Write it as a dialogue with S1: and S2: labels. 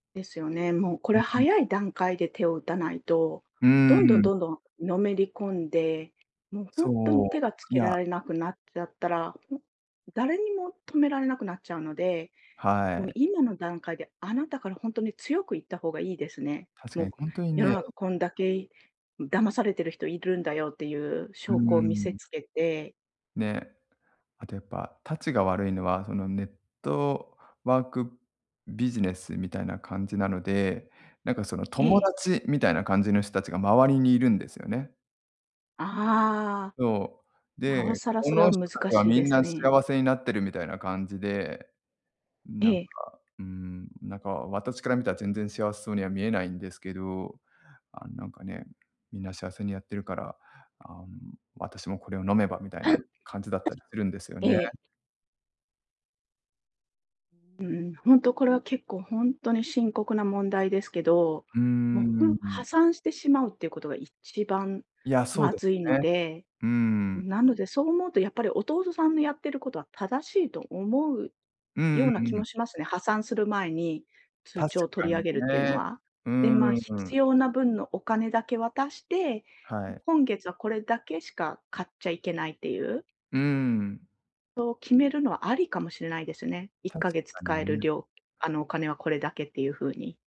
S1: ですよね。もうこ
S2: う
S1: れ
S2: んうん。
S1: 早い段階で手を打たないと、
S2: うー
S1: どんどん、
S2: ん。
S1: どんどんのめり込んで、もうほ
S2: そ
S1: んとに
S2: う、
S1: 手が付
S2: い
S1: けら
S2: や
S1: れなくなっちゃったら、ほ誰にも止められなくなっちゃうので、
S2: は
S1: もう
S2: い。
S1: 今の段階で、あなたからほんとに強く言った方がいいですね。
S2: 確
S1: も
S2: か
S1: う、
S2: に、
S1: こ
S2: ほんとに
S1: 世の
S2: ね
S1: 中こんだけ、い騙されてる人いるんだよっていう
S2: うー
S1: 証拠を見せ
S2: ん。
S1: つけて
S2: ね、あとやっぱ、たちが悪いのは、その、ネットワークビジネスみたいな感じなので、なんかその、
S1: え
S2: 友
S1: え。
S2: 達みたいな感じの人たちが周りにいるんですよね。
S1: ああ。
S2: そう、
S1: なお
S2: で、
S1: さら
S2: こ
S1: それ
S2: の
S1: は
S2: 人
S1: 難
S2: たちは
S1: しい
S2: み
S1: で
S2: ん
S1: す
S2: な
S1: ね。
S2: 幸せになってるみたいな感じで、なんか
S1: ええ。
S2: うーん、なんか私から見たら全然幸せそうには見えないんですけど、あん、なんかね、みんな幸せにやってるから、あ、うん「私もこれを飲めば」みたいな感じだったりするんですよ
S1: [unintelligible] え
S2: ね。
S1: え。うんうん、ほんとこれは結構、ほんとに深刻な問題ですけど、
S2: うーん、
S1: もう、ほ
S2: うん
S1: ん
S2: うん。
S1: 破産してしまうっていうことが一番
S2: いや、そう
S1: ま
S2: です
S1: ずい
S2: よ
S1: の
S2: ね。
S1: で、
S2: うん。
S1: なので、そう思うとやっぱり弟さんのやってることは、正しいと思う
S2: うんう
S1: ような気
S2: んうん。
S1: もしますね、破産する前に通
S2: 確
S1: 帳
S2: か
S1: 取り上
S2: に
S1: げるっていうの
S2: ね。
S1: は。
S2: うー
S1: で、まあ、
S2: ん、う
S1: 必
S2: ん。
S1: 要な分のお金だけ渡して、
S2: は
S1: も、
S2: い。
S1: 今月はこれだけしか買っちゃいけないっていう。
S2: うーん。
S1: そう決めるのはありかもしれないですね。いっ
S2: 確
S1: かげつ
S2: かに
S1: 使える
S2: ね。
S1: 量あの、お金はこれだけっていう風に。